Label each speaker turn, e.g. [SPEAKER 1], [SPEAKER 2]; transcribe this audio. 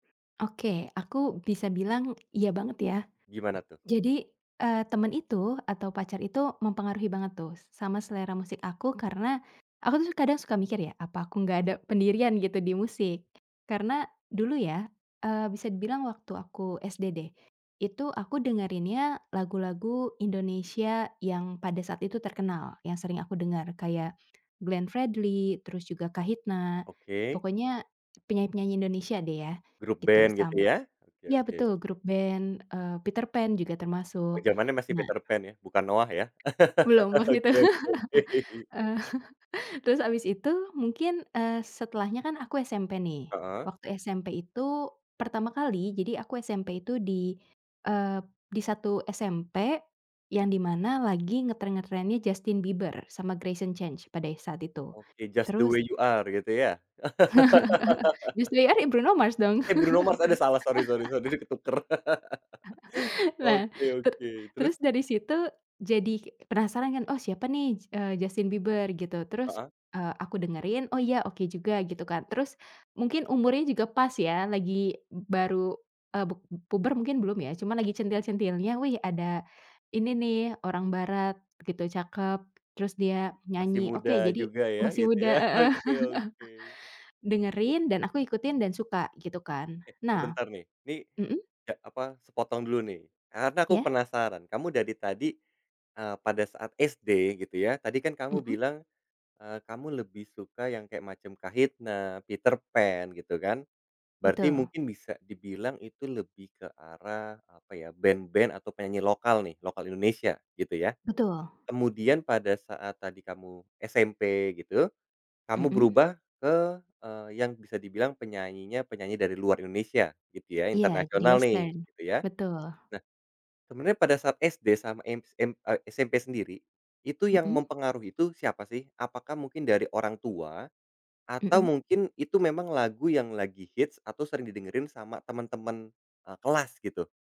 [SPEAKER 1] Oke, aku bisa bilang iya banget ya.
[SPEAKER 2] Gimana tuh?
[SPEAKER 1] Jadi, eee, temen itu atau pacar itu mempengaruhi banget tuh sama selera musik aku karena aku tuh kadang suka mikir ya, "Apa aku nggak ada pendirian gitu di musik?" Karena dulu ya, eee, bisa dibilang waktu aku SD deh, itu aku dengerinnya lagu-lagu Indonesia yang pada saat itu terkenal, yang sering aku dengar kayak Glenn Fredly, terus juga Kahitna,
[SPEAKER 2] Oke.
[SPEAKER 1] pokoknya penyanyi-penyanyi Indonesia deh ya,
[SPEAKER 2] Grup
[SPEAKER 1] gitu.
[SPEAKER 2] ben, gitu
[SPEAKER 1] Sam
[SPEAKER 2] ya. Oke
[SPEAKER 1] Ya
[SPEAKER 2] oke.
[SPEAKER 1] betul, grup ben, eee, Peterpan juga
[SPEAKER 2] Oh,
[SPEAKER 1] termasuk.
[SPEAKER 2] zamannya masih
[SPEAKER 1] Nah
[SPEAKER 2] Peterpan ya, bukan Noah ya.
[SPEAKER 1] Belum waktu itu.
[SPEAKER 2] Oke, oke, oke.
[SPEAKER 1] Terus habis itu mungkin, eee, setelahnya kan aku SMP nih,
[SPEAKER 2] Heeh.
[SPEAKER 1] waktu SMP itu pertama kali, jadi aku SMP itu di, eee, di satu SMP yang di mana lagi ngetren-ngetrennya Justin Bieber sama Greyson Chance pada e saat itu.
[SPEAKER 2] Oke. Just the
[SPEAKER 1] Terus
[SPEAKER 2] Way You Are, gitu ya?
[SPEAKER 1] Just the Way You Are ya Bruno Mars, dong.
[SPEAKER 2] Eh, Bruno Mars. Ada, salah. Sori, sori, sori, jadi ketukar.
[SPEAKER 1] Nah,
[SPEAKER 2] Oke,
[SPEAKER 1] teru
[SPEAKER 2] oke. Terus?
[SPEAKER 1] terus dari situ jadi penasaran kan, "Oh, siapa nih, s eee, Justin Bieber?" Gitu. Terus,
[SPEAKER 2] Heeh.
[SPEAKER 1] eee, aku dengerin, "Oh, ya oke juga." Gitu kan. Terus mungkin umurnya juga pas ya, lagi baru e pub puber mungkin belum ya, cuma lagi centil-centilnya, "Wih, ada ini nih orang barat gitu, cakep, terus dia
[SPEAKER 2] Masih
[SPEAKER 1] nyanyi. Oke,
[SPEAKER 2] muda
[SPEAKER 1] jadi"
[SPEAKER 2] juga ya,
[SPEAKER 1] Masih
[SPEAKER 2] gitu
[SPEAKER 1] muda,
[SPEAKER 2] ya.
[SPEAKER 1] heeh.
[SPEAKER 2] Oke, oke.
[SPEAKER 1] Dengerin, dan aku ikutin dan suka, gitu kan.
[SPEAKER 2] Eh,
[SPEAKER 1] Nah
[SPEAKER 2] sebentar nih. Ini
[SPEAKER 1] Mhm?
[SPEAKER 2] e apa? Sepotong dulu nih, karena aku
[SPEAKER 1] Ya.
[SPEAKER 2] penasaran. Kamu dari tadi, eee, pada saat SD gitu ya, tadi kan kamu
[SPEAKER 1] Mhm.
[SPEAKER 2] bilang, eee, kamu lebih suka yang kayak macam Kahitna, Peterpan, gitu kan. Berarti
[SPEAKER 1] Betul.
[SPEAKER 2] mungkin bisa dibilang itu lebih ke arah, apa ya, ben-ben atau penyanyi lokal nih, lokal Indonesia, gitu ya.
[SPEAKER 1] Betul.
[SPEAKER 2] Kemudian pada saat tadi kamu SMP gitu, kamu
[SPEAKER 1] Mhm.
[SPEAKER 2] berubah ke, eee, yang bisa dibilang penyanyinya penyanyi dari luar Indonesia, gitu ya,
[SPEAKER 1] Iya, di
[SPEAKER 2] internasional nih,
[SPEAKER 1] western.
[SPEAKER 2] gitu ya.
[SPEAKER 1] Betul.
[SPEAKER 2] Nah, sebenarnya pada saat SD sama MSA SMP sendiri, itu yang
[SPEAKER 1] Mhm.
[SPEAKER 2] mempengaruhi itu siapa sih? Apakah mungkin dari orang tua, atau
[SPEAKER 1] Mhm.
[SPEAKER 2] mungkin itu memang lagu yang lagi hit atau sering didengerin sama temen-temen, eee, kelas gitu?